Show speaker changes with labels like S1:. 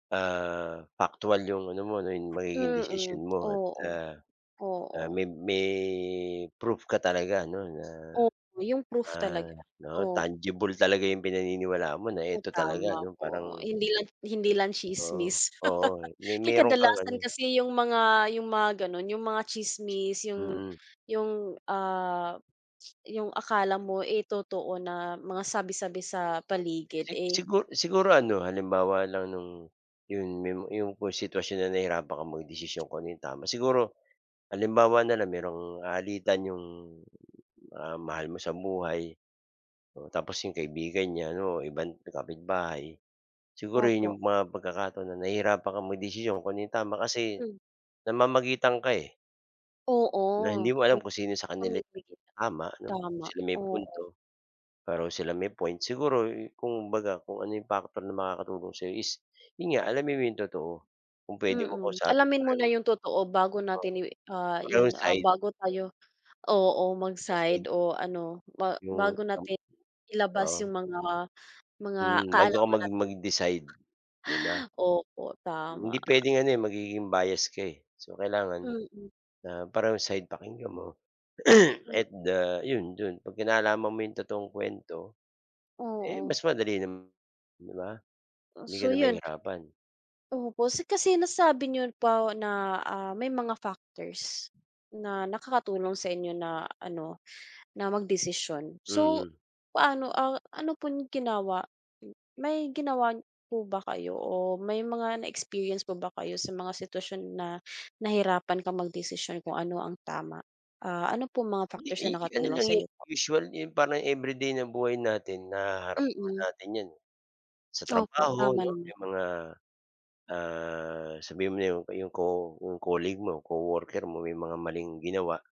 S1: Ah, paktual 'yung ano mo, 'yung magiging
S2: Mm,
S1: desisyon mo at a
S2: oo,
S1: a
S2: oo.
S1: may may proof ka talaga 'no, na,
S2: Opo, 'yung proof
S1: ah,
S2: talaga,
S1: 'no,
S2: oo.
S1: tangible talaga 'yung pinaniniwalaan mo na
S2: Oh,
S1: eto talaga
S2: tama
S1: 'no
S2: po.
S1: parang
S2: Hindi lang hindi lang
S1: Oo,
S2: tsismis.
S1: oo. May
S2: Kay
S1: meron kang
S2: kadalasan
S1: ano
S2: kasi 'yung mga 'yung mga gano'n, 'yung mga tsismis, 'yung
S1: Mm.
S2: 'yung, ah, 'yung akala mo, eh, totoo na mga sabi-sabi sa paligid,
S1: Si
S2: eh.
S1: sigu siguro ano halimbawa lang no'ng 'yon may 'yong kung sitwasyon na nahirapan ka magdesisyon kung ano 'yung tama, siguro halimbawa na lang merong alitan 'yong, ah, mahal mo sa buhay o tapos 'yong kaibigan niya, ano ibang kapitbahay, siguro
S2: Opo.
S1: 'yong mga pagkakataon na nahirapan ka magdesisyon kung ano 'yung tama kasi
S2: Hmm.
S1: namamagitan ka, eh.
S2: Oo,
S1: Na hindi mo
S2: uy,
S1: alam kung sino sa kanila 'yung
S2: pumipikit.
S1: tama 'no, kung
S2: Tama,
S1: sino may
S2: oo.
S1: punto, pareho silang may point. Siguro kumbaga kung ano 'yung factor na makakatulong sa'yo is 'yun nga, alamin mo 'yong totoo, kung puwede mong
S2: Mm,
S1: kausapin
S2: alamin muna
S1: pareho.
S2: 'yung totoo bago
S1: Oo,
S2: natin i ah,
S1: parehong
S2: 'yun ah,
S1: side.
S2: bago tayo, oo
S1: Kaseng.
S2: mag-side o ano ba
S1: 'Yung
S2: bago
S1: kam
S2: natin ilabas
S1: oo.
S2: 'yung mga mga
S1: Hmm, bago ka
S2: kaalaman
S1: mag
S2: natin.
S1: mag-decide 'di ba.
S2: Opo,
S1: Hindi
S2: tama.
S1: puwedeng ano, eh, magiging bias ka, eh. So kailangan,
S2: Mm.
S1: ah, parehong side pakinggan mo.
S2: M
S1: kahit da 'yon do'n 'pagka nalaman mo 'yong totoong kuwento, eh,
S2: Oo.
S1: mas madali na, 'di ba?
S2: Oh,
S1: Hindi ka
S2: so
S1: na
S2: 'yun.
S1: mahihirapan.
S2: Opo si kasi nasabi niyo po na, ah, may mga factors na nakakatulong sa inyo na ano na magdesisyon. So
S1: Mm.
S2: paano, ah, ano pong ginawa, may ginawa po ba kayo o may mga na experience po ba kayo sa mga sitwasyon na nahirapan kang magdesisyon kung ano ang tama? Ah, ano pong mga
S1: 'Di,
S2: factors
S1: eh,
S2: na
S1: ano
S2: nakatulong
S1: lang 'yung
S2: sa'yo po?
S1: usual 'yung parang everyday na buhay natin, nahaharap naman
S2: Mm.
S1: natin 'yan, eh. Sa
S2: Opo, tama
S1: trabaho 'no,
S2: naman.
S1: 'yung mga, ah, sabihin mo na 'yong co-colleague mo, co-worker mo may mga maling ginawa.